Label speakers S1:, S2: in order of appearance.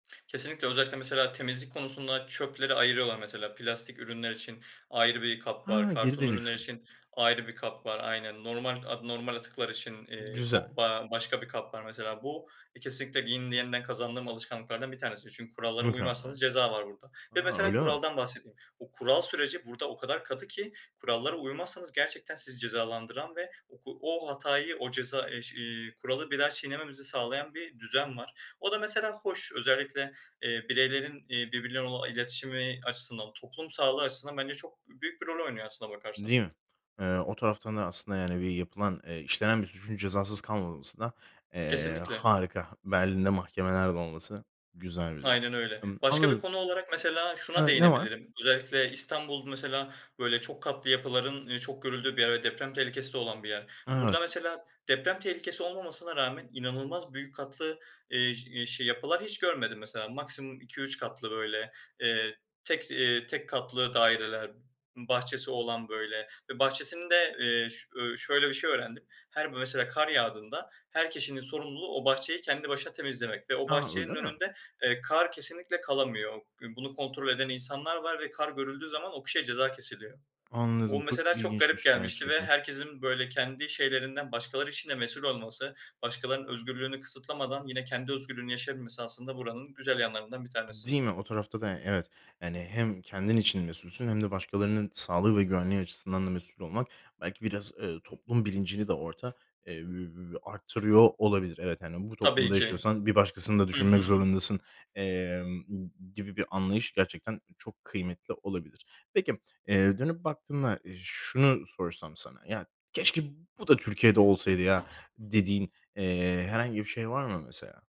S1: Kesinlikle, özellikle mesela temizlik konusunda çöpleri ayırıyorlar mesela. Plastik ürünler için ayrı bir kap var,
S2: Ha, geri
S1: karton ürünler
S2: dönüşüm.
S1: için ayrı bir kap var. Aynen, normala normal atıklar için, eee,
S2: Güzel.
S1: top aaa, başka bir kap var mesela. Bu, eee, kesinlikle [unintelligible] yeniden kazandığım alışkanlıklardan bir tanesi. Çünkü kurallara
S2: Mükemmel.
S1: uymazsanız ceza var burada. Ve
S2: A,
S1: mesela
S2: öyle mi?
S1: kuraldan bahsedeyim. Bu kural süreci burada o kadar katı ki kurallara uymazsanız gerçekten sizi cezalandıran ve o o hatayı, o ceza eş iii, kuralı bir daha çiğnememenizi sağlayan bir düzen var. O da mesela hoş. Özellikle, eee, bireylerin, eee, birbirleriyle olan iletişimi açısından, toplum sağlığı açısından bence çok büyük bir rol oynuyor aslında bakarsan.
S2: Değil mi? Eee, o taraftan da aslında, yani, bir yapılan, eee, işlenen bir suçun cezasız kalmaması da, eee,
S1: Kesinlikle.
S2: harika. Berlin'de mahkemeler de olması güzel bir durum.
S1: Aynen öyle.
S2: Imm,
S1: Başka bir
S2: anladım.
S1: konu olarak mesela şuna
S2: Evet, ne var?
S1: değinebilirim. Özellikle İstanbul mesela böyle çok katlı yapıların çok görüldüğü bir yer ve deprem tehlikesi de olan bir yer. Burada
S2: Evet.
S1: mesela deprem tehlikesi olmamasına rağmen inanılmaz büyük katlı, iii, je iii, yapılar hiç görmedim mesela. Maksimum 2-3 katlı böyle, eee, tek, iii, tek katlı daireler, bahçesi olan böyle ve bahçesinde, eee, ş ööö, şöyle bir şey öğrendim. Her b mesela kar yağdığında her kişinin sorumluluğu o bahçeyi kendi başına temizlemek ve o
S2: A, öyle
S1: bahçenin
S2: mi?
S1: önünde, eee, kar kesinlikle kalamıyor. Bunu kontrol eden insanlar var ve kar görüldüğü zaman o kişiye ceza kesiliyor. O,
S2: Anladım, çok
S1: mesela çok garip
S2: ilginçmiş
S1: gelmişti ve
S2: gerçekten.
S1: herkesin böyle kendi şeylerinden başkaları için de mesul olması, başkalarının özgürlüğünü kısıtlamadan yine kendi özgürlüğünü yaşayabilmesi aslında buranın güzel yanlarından bir tanesi.
S2: Değil mi? O tarafta da y evet. Yani, hem kendin için mesulsün hem de başkalarının sağlığı ve güvenliği açısından da mesul olmak belki biraz, ııı, toplum bilincini de orada, eee, üüü, arttırıyor olabilir. Evet, hani, bu
S1: Tabii
S2: toplumda
S1: ki.
S2: yaşıyorsan bir başkasını da
S1: Hı
S2: düşünmek
S1: hı.
S2: zorundasın, emm, gibi bir anlayış gerçekten çok kıymetli olabilir. Peki, eee, dönüp baktığında şunu sorsam sana, "Ya, keşke bu da Türkiye'de olsaydı ya" dediğin, eee, herhangi bir şey var mı mesela?